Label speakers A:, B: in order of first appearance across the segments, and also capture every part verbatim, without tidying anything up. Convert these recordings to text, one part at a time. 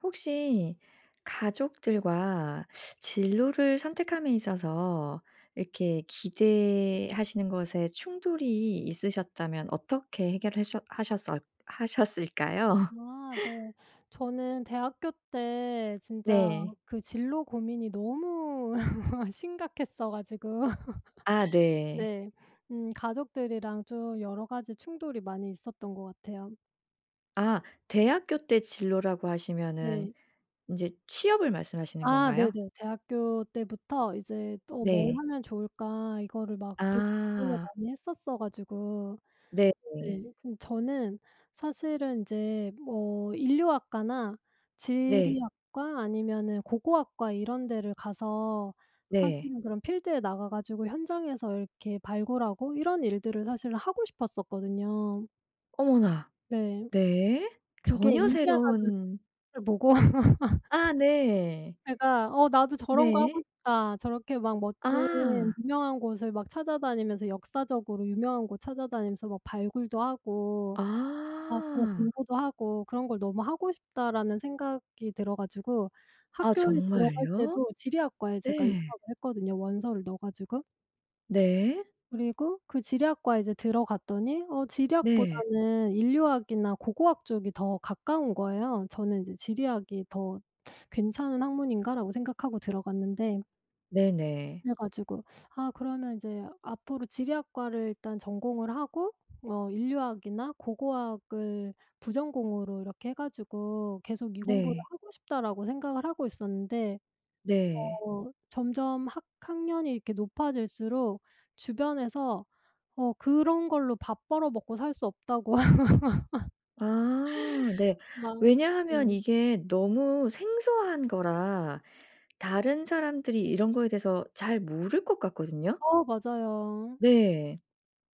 A: 혹시 가족들과 진로를 선택함에 있어서 이렇게 기대하시는 것에 충돌이 있으셨다면 어떻게 해결하셨 하셨었 하셨을까요?
B: 아 네. 저는 대학교 때 진짜
A: 네.
B: 그 진로 고민이 너무 심각했어 가지고
A: 아 네.
B: 네. 음 가족들이랑 좀 여러 가지 충돌이 많이 있었던 것 같아요.
A: 아. 대학교 때 진로라고 하시면은
B: 네.
A: 인제 취업을 말씀하시는
B: 아
A: 건가요?
B: 네네. 대학교 때부터 이제 '뭘
A: 네.
B: 하면 좋을까?' 이거를 막 되게 고민을
A: 아.
B: 많이 했었어 가지고
A: 네네.
B: 네 근데 저는 사실은 인제 뭐 인류학과나
A: 네.
B: 지리학과 아니면은 고고학과 이런 데를 가서
A: 네.
B: 사실은 그런 필드에 나가 가지고 현장에서 이렇게 발굴하고 이런 일들을 사실은 하고 싶었었거든요.
A: 어머나!
B: 네.
A: 네.
B: 그게
A: 전혀
B: 인디아나
A: 새로운
B: 존스를 보고
A: 아 네.
B: 제가 '어 나도 저런 거 하고
A: 네.
B: 싶다. 저렇게 막 멋진
A: 아.
B: 유명한 곳을 막 찾아다니면서 역사적으로 유명한 곳 찾아다니면서 막 발굴도 하고 막 그런
A: 아.
B: 공부도 하고 그런 걸 너무 하고 싶다.'라는 생각이 들어 가지고
A: 아
B: 학교에 들어갈
A: 정말요?
B: 때도 지리학과에 제가
A: 네.
B: 입학을 했거든요 원서를 넣어 가지고.
A: 네.
B: 그리고 그 지리학과에 이제 들어갔더니 어
A: 네.
B: 지리학보다는 인류학이나 고고학 쪽이 더 가까운 거예요. 저는 이제 '지리학이 더 괜찮은 학문인가?'라고 생각하고 들어갔는데
A: 네네.
B: 그래 가지고 '아 그러면 인제 앞으로 지리학과를 일단 전공을 하고 어 인류학이나 고고학을 부전공으로 이렇게 해 가지고 계속 이 공부를
A: 네.
B: 하고 싶다.'라고 생각을 하고 있었는데
A: 네.
B: 어 점점 학 학년이 이렇게 높아질수록 주변에서 어 그런 걸로 밥 벌어먹고 살 수 없다고
A: 아. 네.
B: 막
A: 왜냐하면
B: 음.
A: 이게 너무 생소한 거라 다른 사람들이 이런 거에 대해서 잘 모를 것 같거든요.
B: 어 맞아요.
A: 네.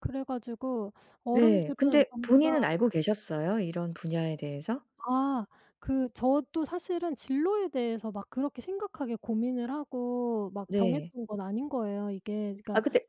B: 그래 가지고
A: 네.
B: 어른들은
A: 근데
B: 전부 다
A: 본인은 알고 계셨어요? 이런 분야에 대해서?
B: 아. 그 저도 사실은 진로에 대해서 막 그렇게 심각하게 고민을 하고 막
A: 네.
B: 정했던 건 아닌 거예요 이게. 그러니까
A: 아 근데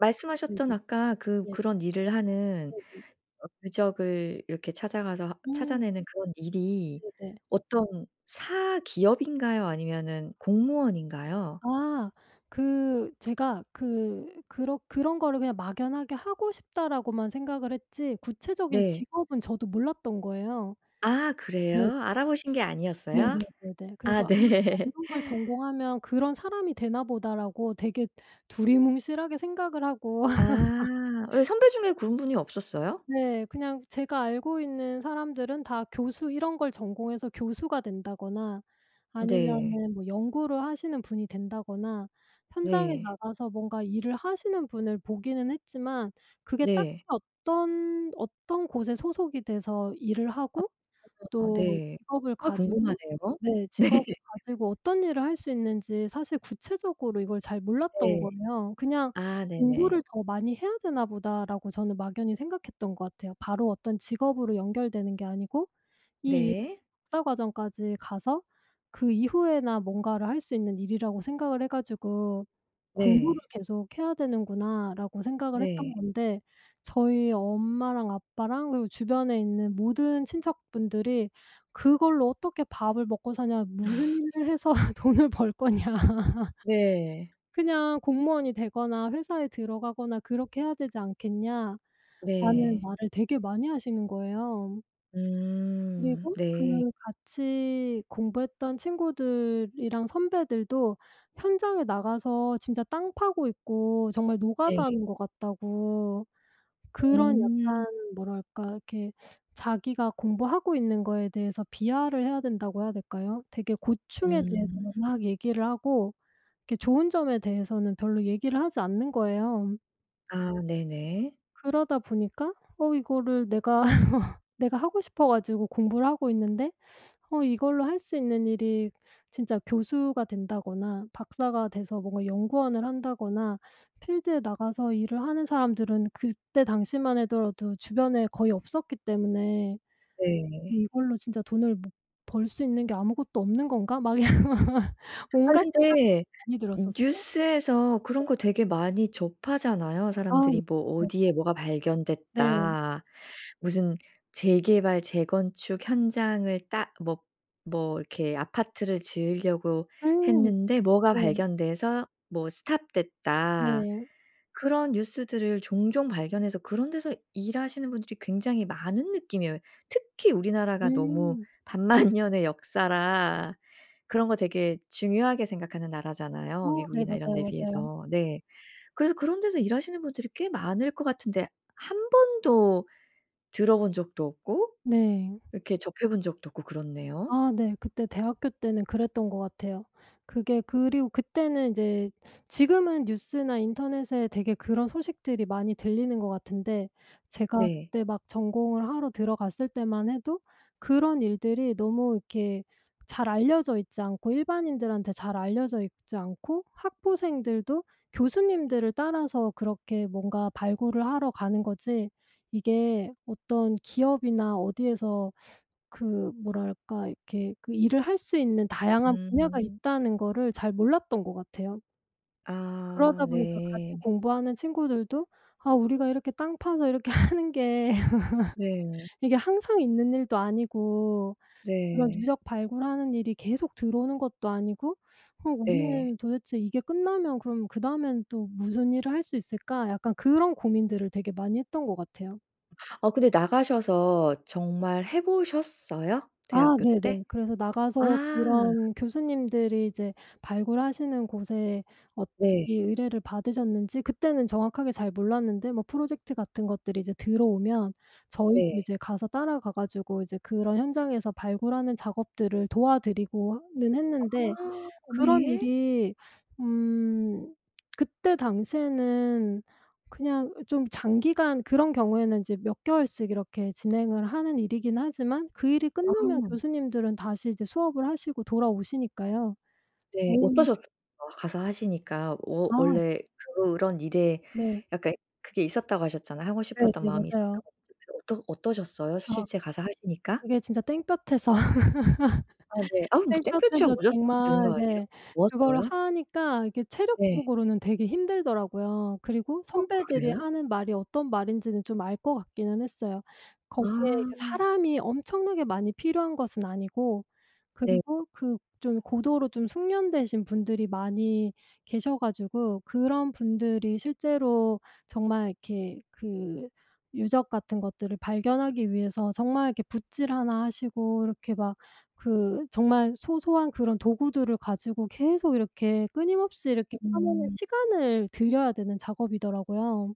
B: 네네.
A: 말씀하셨던 아까 그
B: 네.
A: 그런 일을 하는
B: 네네.
A: 어 유적을 이렇게 찾아가서
B: 음.
A: 찾아내는 그런 일이
B: 네네.
A: 어떤 사기업인가요 아니면은 공무원인가요?
B: 아. 그 제가 그 그러 '그런 거를 그냥 막연하게 하고 싶다,'라고만 생각을 했지 구체적인
A: 네.
B: 직업은 저도 몰랐던 거예요.
A: 아
B: 네.
A: 그래요? 알아보신 게 아니었어요?
B: 네네 네네.
A: 아
B: 그래서 [unintelligible]
A: 네.
B: '이런걸 전공하면 그런 사람이 되나 보다.'라고 되게 두리뭉실하게 생각을 하고
A: 아. 왜 선배 중에 그런 분이 없었어요?
B: 네. 그냥 제가 알고 있는 사람들은 다 교수 이런 걸 전공해서 교수가 된다거나
A: 네.
B: 아니면은 뭐 연구를 하시는 분이 된다거나 현장에
A: 네.
B: 나가서 뭔가 일을 하시는 분을 보기는 했지만 그게 딱히
A: 네.
B: 어떤 어떤 곳에 소속이 돼서 일을
A: 아
B: 하고
A: [unintelligible]
B: 또
A: 네.
B: 직업을
A: 정말
B: 가지고
A: 궁금하네요.
B: 네
A: 네.
B: 직업을 가지고 어떤 일을 할 수 있는지 사실 구체적으로 이걸 잘 몰랐던
A: 네.
B: 거예요. 그냥
A: 아 네네.
B: '공부를 더 많이 해야 되나 보다.'라고 저는 막연히 생각했던 것 같아요. 바로 어떤 직업으로 연결되는 게 아니고 이 일을
A: 네.
B: 박사 과정까지 가서 그 이후에나 뭔가를 할 수 있는 일이라고 생각을 해 가지고 '공부를
A: 네.
B: 계속해야 되는구나.'라고 생각을 했던
A: 네.
B: 건데 저희 엄마랑 아빠랑 그리고 주변에 있는 모든 친척분들이 "그걸로 어떻게 밥을 먹고 사냐. 무슨 일을 해서 돈을 벌거냐.
A: 네.
B: 그냥 공무원이 되거나 회사에 들어가거나 그렇게 해야 되지 않겠냐."라는
A: 네.
B: 말을 되게 많이 하시는 거예요.
A: 음.
B: 그리고 그
A: 네.
B: 같이 공부했던 친구들이랑 선배들도 현장에 나가서 진짜 땅 파고 있고 정말 노가다
A: 네.
B: 하는 것 같다고 그런
A: 음.
B: 약간 뭐랄까 이렇게 자기가 공부하고 있는 거에 대해서 비하를 해야 된다고 해야 될까요? 되게 고충에
A: 음.
B: 대해서만 막 얘기를 하고 이렇게 좋은 점에 대해서는 별로 얘기를 하지 않는 거예요.
A: 아. 네네.
B: 그러다 보니까 '어. 이거를 내가 내가 하고 싶어 가지고 공부를 하고 있는데 어 이걸로 할 수 있는 일이 진짜 교수가 된다거나 박사가 돼서 뭔가 연구원을 한다거나' 필드에 나가서 일을 하는 사람들은 그때 당시만 하더라도 주변에 거의 없었기 때문에
A: 네.
B: '이걸로 진짜 돈을 못 벌 수 있는 게 아무것도 없는 건가?' 막 이런 막, 막
A: 아니
B: 온갖 생각들이
A: 근데
B: 많이 들었었어요.
A: 뉴스에서 그런
B: 네.
A: 거 되게 많이 접하잖아요,
B: 아. 네,
A: 사람들이. 뭐
B: 네.
A: 어디에 뭐가
B: 네.
A: 발견됐다. 무슨 재개발, 재건축 현장을 따 뭐 뭐 이렇게 아파트를 지으려고
B: 음.
A: 했는데 뭐가
B: 네.
A: 발견돼서 뭐 stop 됐다.
B: 네.
A: 그런 뉴스들을 종종 발견해서 그런 데서 일하시는 분들이 굉장히 많은 느낌이에요. 특히 우리나라가 너무
B: 음.
A: 반만년의 역사라 그런 거 되게 중요하게 생각하는 나라잖아요,
B: 어 네.
A: 미국이나 이런 데
B: 맞아요, 맞아요.
A: 비해서. 네. 그래서 그런 데서 일하시는 분들이 꽤 많을 것 같은데 한 번도 들어 본 적도 없고
B: 네.
A: 이렇게 접해 본 적도 없고 그렇네요.
B: 아 네. 그때 대학교 때는 그랬던 것 같아요. 그게 그리고 그때는 인제 지금은 뉴스나 인터넷에 되게 그런 소식들이 많이 들리는 것 같은데 제가
A: 네.
B: 그때 막 전공을 하러 들어갔을 때만 해도 그런 일들이 너무 이렇게 잘 알려져 있지 않고, 일반인들한테 잘 알려져 있지 않고 학부생들도 교수님들을 따라서 그렇게 뭔가 발굴을 하러 가는 거지 이게 어떤 기업이나 어디에서 그 뭐랄까 이렇게 그 일을 할 수 있는 다양한 분야가
A: 음.
B: 있다는 거를 잘 몰랐던 것 같아요.
A: 아.
B: 그러다 보니까 같이
A: 네.
B: 공부하는 친구들도 "아. 우리가 이렇게 땅 파서 이렇게 하는 게
A: 네.
B: 이게 항상 있는 일도 아니고 그런
A: 네.
B: 유적 발굴하는 일이 계속 들어오는 것도 아니고 그럼
A: 예.
B: 우리는 도대체 이게 끝나면 그럼 그다음엔 또 무슨 일을 할 수 있을까?" 약간 그런 고민들을 되게 많이 했던 것 같아요.
A: 어 근데 나가셔서 정말 해 보셨어요?
B: 아.
A: 대학교 때?
B: 네네. 그래서
A: 아.
B: 나가서 그런 교수님들이 이제 발굴하시는 곳에 엇
A: 네.
B: 이 의뢰를 받으셨는지 그때는 정확하게 잘 몰랐는데 뭐 프로젝트 같은 것들이 이제 들어오면 저희도
A: 네.
B: 이제 가서 따라가 가지고 이제 그런 현장에서 발굴하는 작업들을 도와드리고 어 는 했는데
A: 아.
B: 그런
A: 네.
B: 일이 음 그때 당시에는 그냥 어 좀 장기간 그런 경우에는 이제 몇 개월씩 이렇게 진행을 하는 일이긴 하지만 그 일이 끝나면
A: 아.
B: 교수님들은 다시 이제 수업을 하시고 돌아오시니까요.
A: 네.
B: 저희는
A: 어떠셨어요, 가서 하시니까? 워
B: 아.
A: 원래 그런 일에
B: 네.
A: 약간 그게 있었다고 하셨잖아 하고
B: 네,
A: 싶었던
B: 네.
A: 마음이
B: 맞아요.
A: 있었다고 [unintelligible] 어떠 어떠셨어요?
B: 아.
A: 실제 가서 하시니까?
B: 그게 진짜 땡볕에서
A: 아 네. 아 뭐 땡볕이야
B: 땡볕에서
A: 모자 쓰면 되는
B: 정말
A: 거 아니에요?
B: 네 그거를
A: 더웠어요?
B: 하니까 이게
A: 네.
B: 체력적으로는 되게 힘들더라고요. 그리고
A: 어,
B: 선배들이
A: 그래요?
B: 하는 말이 어떤 말인지는 좀 알 것 같기는 했어요.
A: 아.
B: 거기에 이제 사람이 엄청나게 많이 필요한 것은 아니고
A: 네.
B: 그리고 그 좀 고도로 좀 숙련되신 분들이 많이 계셔 가지고 그런 분들이 실제로 정말 이렇게 그 유적 같은 것들을 발견하기 위해서 정말 이렇게 붓질 하나 하시고 이렇게 막 그 정말 소소한 그런 도구들을 가지고 계속 이렇게 끊임없이 이렇게 하면은
A: 음.
B: 시간을 들여야 되는 작업이더라고요.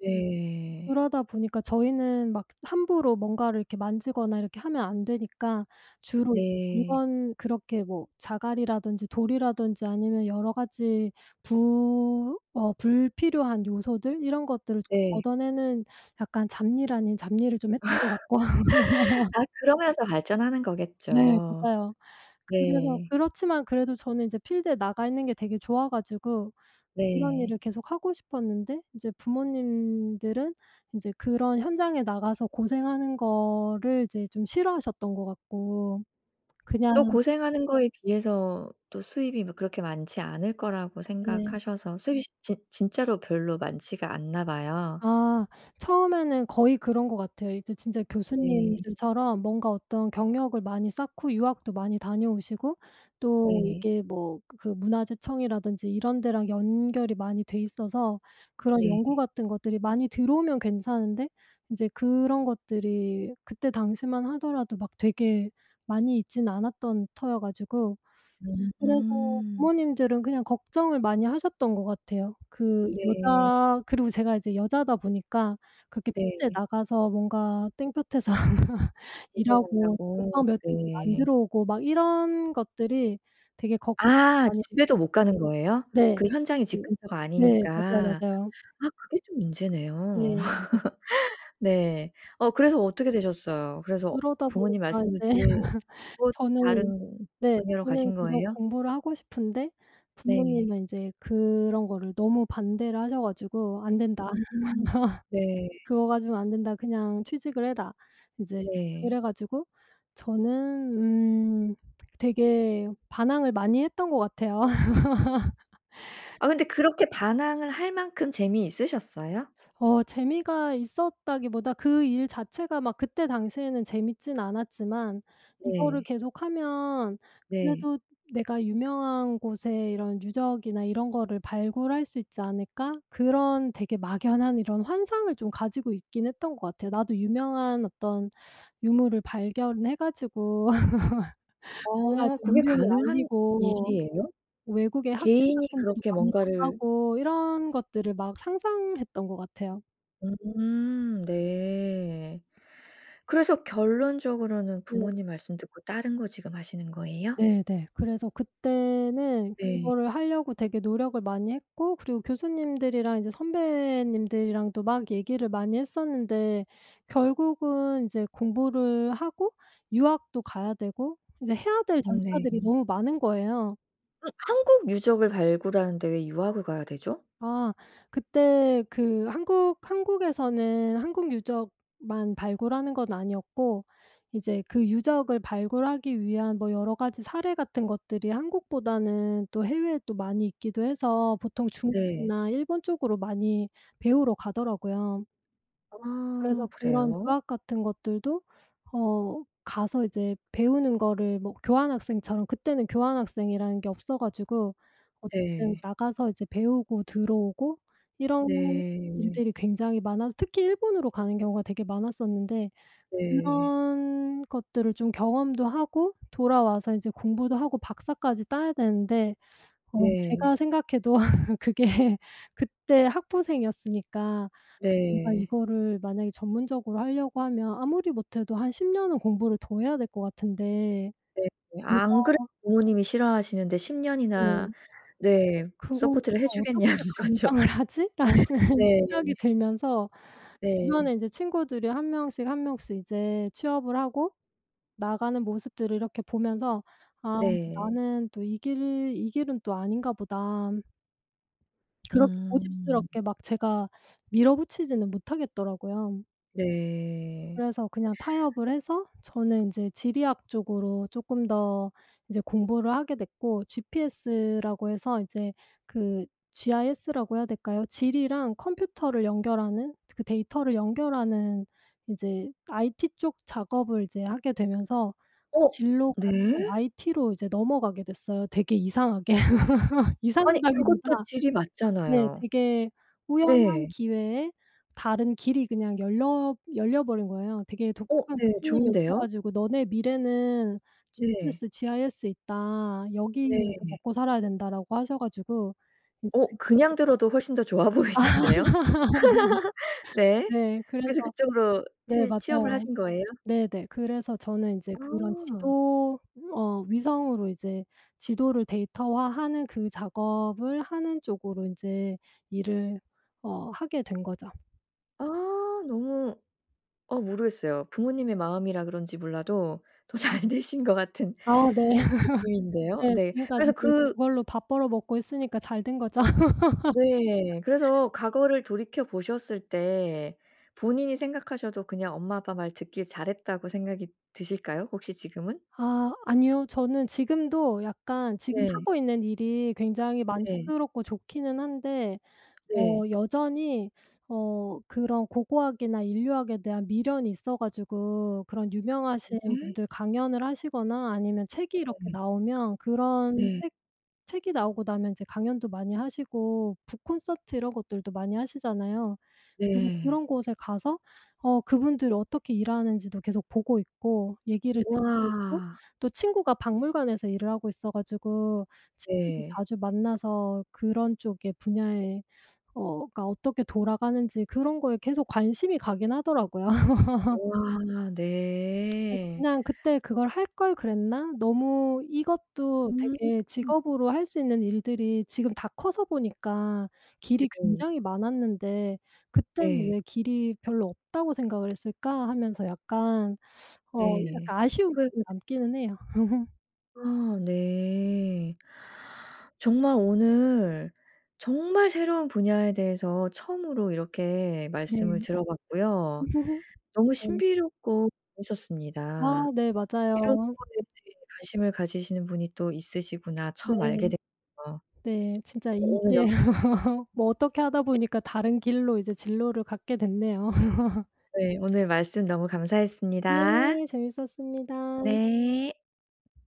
A: 네.
B: 그러다 보니까 저희는 막 함부로 뭔가를 이렇게 만지거나 이렇게 하면 안 되니까 주로
A: 네.
B: 물건 그렇게 뭐 자갈이라든지 돌이라든지 아니면 여러 가지 부 어 불필요한 요소들 이런 것들을
A: 네.
B: 얻어내는 약간 잡일 아닌 잡일을 좀 했던 것 같고.
A: 아 그러면서 발전하는
B: 네.
A: 거겠죠.
B: 맞아요. 그래서
A: 네.
B: 그렇지만 그래도 저는 이제 필드에 나가 있는 게 되게 좋아 가지고 그런
A: 네.
B: 일을 계속 하고 싶었는데 이제 부모님들은 인제 그런 현장에 나가서 고생하는 거를 이제 좀 싫어하셨던 것 같고 그냥
A: 또 고생하는 거에 비해서 또 수입이 뭐 그렇게 많지 않을 거라고
B: 네.
A: 생각하셔서 수잇이 진 진짜로 별로 많지가 않나 봐요.
B: 아. 처음에는 거의 그런 것 같아요. 이제 진짜
A: 네.
B: 교수님들처럼 뭔가 어떤 경력을 많이 쌓고 유학도 많이 다녀오시고 또
A: 예.
B: 이게 뭐 그 문화재청이라든지 이런 데랑 연결이 많이 돼 있어서 그런 연구
A: 네.
B: 같은 것들이 많이 들어오면 괜찮은데 인제 그런 것들이 그때 당시만 하더라도 막 되게 많이 있지는 않았던 터여 가지고 그래서
A: 음.
B: 부모님들은 그냥 걱정을 많이 하셨던 것 같아요. 그
A: 네.
B: 여자 그리고 제가 이제 여자다 보니까 그렇게 필드에
A: 네.
B: 나가서 뭔가 땡볕에서 일하고 몇
A: 고생한다고.
B: 박 며칠씩 안
A: 네.
B: 들어오고 막 이런 것들이 되게 걱정이
A: 아.
B: 많이
A: 집에도 못 가는 거예요?
B: [unintelligible] 네.
A: 그 현장이 집 근처가
B: 네. 맞아요,
A: 아니니까.
B: 맞아요.
A: 아 그게 좀 문제네요.
B: 네.
A: 네. 어 그래서 어떻게 되셨어요? 그래서
B: 그러다
A: 부모님
B: 보니까
A: 말씀을
B: 이제
A: 들으 듣고
B: 저는
A: 다른
B: 네.
A: 분야로
B: 저는
A: 가신
B: 계속
A: 거예요?
B: 공부를 하고 싶은데
A: 네.
B: 부모님은 인제 그런 거를 너무 반대를 하셔 가지고 "안된다."
A: 음. 네.
B: "그거 가지고 안된다. 그냥 취직을 해라." 이제
A: 네.
B: 그래 가지고 저는 음 되게 반항을 많이 했던 것 같아요.
A: 아 근데 그렇게 반항을 할 만큼 재미있으셨어요?
B: 어. 재미가 있었다기보다 그 일 자체가 막 그때 당시에는 재밌진 않았지만 '이거를
A: 네.
B: 계속하면
A: 네.
B: 그래도 내가 유명한 곳에 이런 유적이나 이런 거를 발굴할 수 있지 않을까?' 그런 되게 막연한 이런 환상을 좀 가지고 있긴 했던 것 같아요. '나도 유명한 어떤 유물을 발견해 가지고 뭔가
A: 어.
B: 좀
A: 그게
B: 이름을
A: 가능한
B: 알리고
A: 일이에요?
B: 외국의 학회
A: 개인이
B: 같은 데도
A: 그렇게
B: 많이
A: 뭔가를
B: 나가고.' 이런 것들을 막 상상했던 것 같아요.
A: 음 네. 그래서 결론적으로는
B: 네.
A: 부모님 말씀 듣고 다른 거 지금 하시는 거예요?
B: 네네. 그래서 그때는
A: 네.
B: 그거를 하려고 되게 노력을 많이 했고 그리고 교수님들이랑 이제 선배님들이랑도 막 얘기를 많이 했었는데 결국은 이제 공부를 하고 유학도 가야 되고 이제 해야 될
A: 음 네.
B: 절차들이 너무 많은 거예요.
A: 음 한국 유적을 발굴하는데 왜 유학을 가야 되죠?
B: 아 그때 그 한국 한국에서는 한국 유적만 발굴하는 건 아니었고 이제 그 유적을 발굴하기 위한 뭐 여러 가지 사례 같은 것들이 한국보다는 또 해외에 또 많이 있기도 해서 보통
A: 네.
B: 중국이나 일본 쪽으로 많이 배우러 가더라고요. 그래서
A: 아
B: 그런
A: 그래요?
B: 유학 같은 것들도 어 가서 이제 배우는 거를 뭐 교환학생처럼 그때는 교환학생이라는 게 없어 가지고 어쨌든
A: 네.
B: 나가서 이제 배우고 들어오고 이런
A: 네.
B: 일들이 굉장히 많아서 특히 일본으로 가는 경우가 되게 많았었는데
A: 네.
B: 그런 것들을 좀 경험도 하고 돌아와서 이제 공부도 하고 박사까지 따야 되는데 어 제가
A: 네.
B: 생각해도 그게 그때 학부생이었으니까 '내가
A: 네.
B: 이거를 만약에 전문적으로 하려고 하면 아무리 못해도 한 십 년은 공부를 더 해야 될 것 같은데'
A: 네.
B: 내가
A: 안 그래도 부모님이 싫어하시는데 십
B: 네.
A: 년이나 네
B: '그걸
A: 서포트를
B: 내가
A: 해주겠냐는
B: 어떻게
A: 거죠.
B: 감당을 하지?'라는
A: 네.
B: 생각이 들면서
A: 네.
B: 주변에 인제 친구들이 한 명씩 한 명씩 이제 취업을 하고 나가는 모습들을 이렇게 보면서 '아
A: 네.
B: 나는 또 이 길 이 길은 또 아닌가 보다.' 그렇게
A: 음.
B: 고집스럽게 막 제가 밀어붙이지는 못하겠더라고요.
A: 네.
B: 그래서 그냥 타협을 해서 저는 인제 지리학 쪽으로 쪼끔 더 이제 공부를 하게 됐고 GPS라고 해서 이제 그 GIS라고 해야 될까요? 지리랑 컴퓨터를 연결하는 그 데이터를 연결하는 이제 IT 쪽 작업을 이제 하게 되면서
A: 오.
B: 진로가 좀
A: 네.
B: IT로 이제 넘어가게 됐어요, 되게 이상하게.
A: 아니
B: 이상하다기보다
A: 그것도 지리
B: 네
A: 맞잖아요.
B: 되게 우연한
A: 네.
B: 기회에 다른 길이 그냥 열려 열려버린 거예요. 되게
A: 오
B: 독특한
A: 네.
B: 교수님이 오셔
A: 좋은데요?
B: 가지고 "너네 미래는
A: 네.
B: GPS, GIS에 있다. 여기에서
A: 네.
B: 먹고살아야 된다."라고 하셔가지고 이제
A: 어 그냥
B: 그쪽으로
A: 들어도 훨씬 더 좋아 보이는데요. 네.
B: 네
A: 그래서
B: 그래서
A: 그쪽으로
B: 네
A: 취 취업을
B: 맞아요.
A: 하신 거예요?
B: 네네. 그래서 저는 인제 그런
A: 아.
B: 지도 어 위성으로 이제 지도를 데이터화하는 그 작업을 하는 쪽으로 인제 일을 어 하게 된 거죠.
A: 아 너무 어 모르겠어요. 부모님의 마음이라 그런지 몰라도 더 잘 되신 것 같은
B: 아 네.
A: 느낌인데요.
B: 네.
A: 네. 그래서
B: 지금까지는
A: 그
B: 그걸로 밥 벌어 먹고 있으니까 잘 된 거죠.
A: 네. 그래서 과거를 돌이켜 보셨을 때 본인이 생각하셔도 그냥 엄마 아빠 말 듣길 잘했다고 생각이 드실까요? 혹시 지금은?
B: 아 아니요. 저는 지금도 약간 지금
A: 네.
B: 하고 있는 일이 굉장히
A: 네.
B: 만족스럽고 좋기는 한데 어
A: 네.
B: 여전히 어 그런 고고학이나 인류학에 대한 미련이 있어 가지고 그런 유명하신
A: 음.
B: 분들 강연을 하시거나 아니면 책이 이렇게
A: 음.
B: 나오면 그런
A: 네.
B: 책 책이 나오고 나면 이제 강연도 많이 하시고 북 콘서트 이런 것들도 많이 하시잖아요. 그래서
A: 네.
B: 그런 곳에 가서 어 그분들 어떻게 일하는지도 계속 보고 있고 얘기를 듣고 오고
A: 우와.
B: 또 친구가 박물관에서 일을 하고 있어 가지고 친구도
A: 네.
B: 자주 만나서 그런 쪽의 분야에 어 가 어떻게 돌아가는지 그런 거에 계속 관심이 가긴 하더라고요.
A: 우와
B: 그래서
A: 네.
B: '그냥 그때 그걸 할 걸 그랬나? 너무 이것도
A: 음.
B: 되게 직업으로 할 수 있는 일들이 지금 다 커서 보니까 길이
A: 네.
B: 굉장히 많았는데 그때는
A: 네.
B: 왜 길이 별로 없다고 생각을 했을까?' 하면서 약간 어
A: 네.
B: 약간 아쉬움이
A: 후회가
B: 좀
A: 되
B: 남기는 해요.
A: 아 네. 정말 오늘 정말 새로운 분야에 대해서 처음으로 이렇게 말씀을
B: 네.
A: 들어 봤고요. 너무
B: 네.
A: 신비롭고 재밌었습니다.
B: 아 네
A: '이런
B: 맞아요.
A: 거에 이제 관심을 가지시는 분이 또 있으시구나.'
B: 네.
A: 처음 알게 됐어요.
B: 네 진짜
A: 오늘 여
B: 이게 뭐 어떻게 하다 보니까 다른 길로 이제 진로를 갖게 됐네요.
A: 네 오늘 말씀 너무 감사했습니다.
B: 네. 재밌었습니다.
A: 네.